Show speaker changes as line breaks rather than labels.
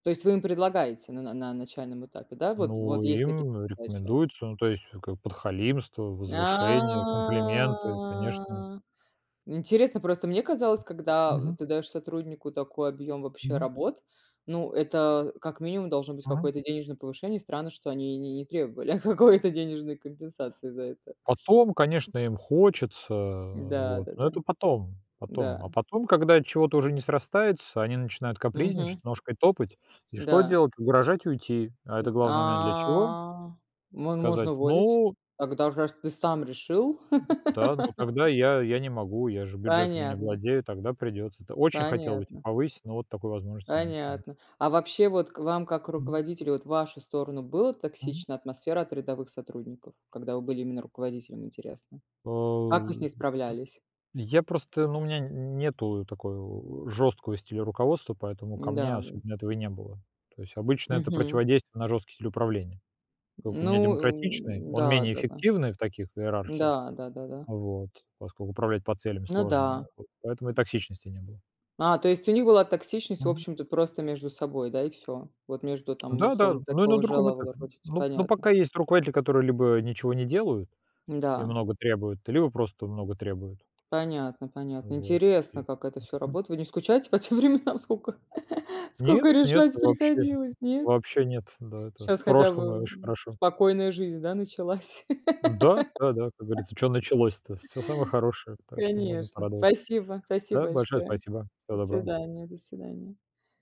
То есть вы им предлагаете на на на начальном этапе, да? Вот
Ну,
вот есть такие
им
задачи.
рекомендуется. Ну, то есть, как бы, подхалимство, возвышение, комплименты, конечно.
А.
Ну
Интересно
что,
просто: мне казалось, когда
мгм.
ты даёшь сотруднику такой объём вообще
Мгм.
работ, ну, это как минимум должно быть
Мгм.
какое-то денежное повышение. Странно, что они не не требовали какой-то денежной компенсации за это.
Потом, конечно, им хочется,
Да,
вот, но
да-да.
это потом, потом. А
Да.
потом, когда чего-то уже не срастается, они начинают
Мгм.
капризничать, ножкой топать. И что
Да.
делать? Угрожать уйти. А это
М.
главный момент для чего?
А. мо можно
Сказать:
уволить.
"Ну"
Когда уж раз ты сам решил.
Да, но тогда я я не могу, я же бюджетами не
Понятно.
владею, тогда придётся. Т очень хотел бы те
Понятно.
повысить, но вот такой возможности нету, конечно.
Понятно. А вообще, вот к вам как к
Мгм.
руководителю- вот в вашу сторону было
Мгм.
токсична атмосфера от рядовых сотрудников? Когда вы были именно руководителем, интересно?
О,
Как вы с ней справлялись?
п я просто, ну, у меня н нету такого жёсткого стиля руководства, поэтому ко мне
М-да, да.
особенно этого и не было. То есть обычно это
Мгм.
противодействие на жёсткий стиль управления. Как у
Ну,
меня демократичный,
э,
он менее
да-да-да.
эффективный в таких иерархиях.
Да. Да-да-да.
Вот. Поскольку управлять по целям
Ну
сложно,
да.
вот поэтому и токсичности не было.
А, то есть у них была токсичность, в
Мгм.
общем-то, просто между собой, да, и всё? Вот между там,
Да-да,
условно,
но и на
такого
другом
жела вала
этапе.
ротить,
Ну ну,
понятно.
пока есть руководители, которые либо ничего не делают и
Да.
много требуют, либо просто много требуют.
Понятно, понятно.
Вот, и
Интересно, как это всё
мгм.
работает. Вы не скучаете по тем временам, сколько
Нет,
сколько
нет,
решать
вообще.
приходилось, нет?
Вобще нет. Да, это
Щас
в
хотя
прошлом, и
бы
очень хорошо.
спокойная жизнь, да, началась?
Да. Да-да, как говорится: "Чё началось-то?" Всё самое хорошее, так что можно
Конечно,
порадоваться.
спасибо. Спасибо
Да, большое
большое.
спасибо. Всего
До
доброго.
свидания, до свидания.